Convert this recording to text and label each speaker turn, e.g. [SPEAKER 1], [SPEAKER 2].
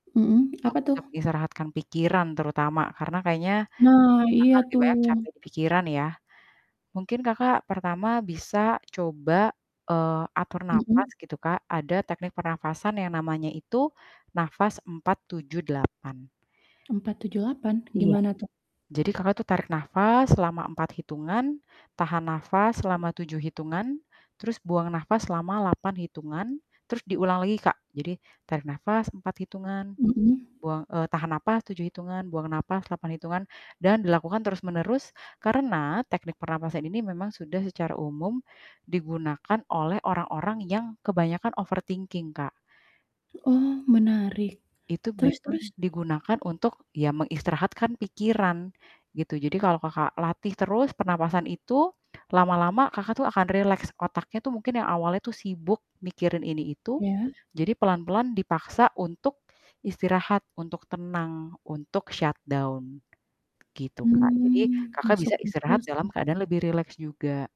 [SPEAKER 1] Mhm, apa
[SPEAKER 2] Untuk
[SPEAKER 1] tuh?
[SPEAKER 2] bisa mengistirahatkan pikiran terutama karena kayaknya
[SPEAKER 1] Nah, iya
[SPEAKER 2] Kakak lebih banyak
[SPEAKER 1] tuh.
[SPEAKER 2] capek di pikiran ya. Mungkin Kakak pertama bisa coba, eee, atur napas
[SPEAKER 1] Mhm.
[SPEAKER 2] gitu, Kak. Ada teknik pernafasan yang namanya itu napas 478.
[SPEAKER 1] 4, 7, 8
[SPEAKER 2] Iya.
[SPEAKER 1] gimana tuh?
[SPEAKER 2] Jadi Kakak tuh tarik napas selama 4 hitungan, tahan napas selama 7 hitungan, terus buang napas selama 8 hitungan, terus diulang lagi, Kak. Jadi tarik napas 4 hitungan,
[SPEAKER 1] Mhm.
[SPEAKER 2] buang eee, tahan napas 7 hitungan, buang napas 8 hitungan, dan dilakukan terus-menerus. Karena teknik pernapasan ini memang sudah secara umum digunakan oleh orang-orang yang kebanyakan overthinking, Kak.
[SPEAKER 1] Oh, menarik,
[SPEAKER 2] Itu
[SPEAKER 1] terus
[SPEAKER 2] memang
[SPEAKER 1] terus.
[SPEAKER 2] digunakan untuk, ya mengistirahatkan pikiran, gitu. Jadi kalau Kakak latih terus pernapasan itu, lama-lama Kakak tuh akan rileks. Otaknya tuh mungkin yang awalnya tuh sibuk mikirin ini itu.
[SPEAKER 1] Iya.
[SPEAKER 2] Jadi pelan-pelan dipaksa untuk istirahat, untuk tenang, untuk shutdown. Gitu, Kak. Jadi
[SPEAKER 1] Hmm,
[SPEAKER 2] Kakak bisa
[SPEAKER 1] masuk akal
[SPEAKER 2] istirahat dalam
[SPEAKER 1] sih.
[SPEAKER 2] keadaan lebih rileks juga.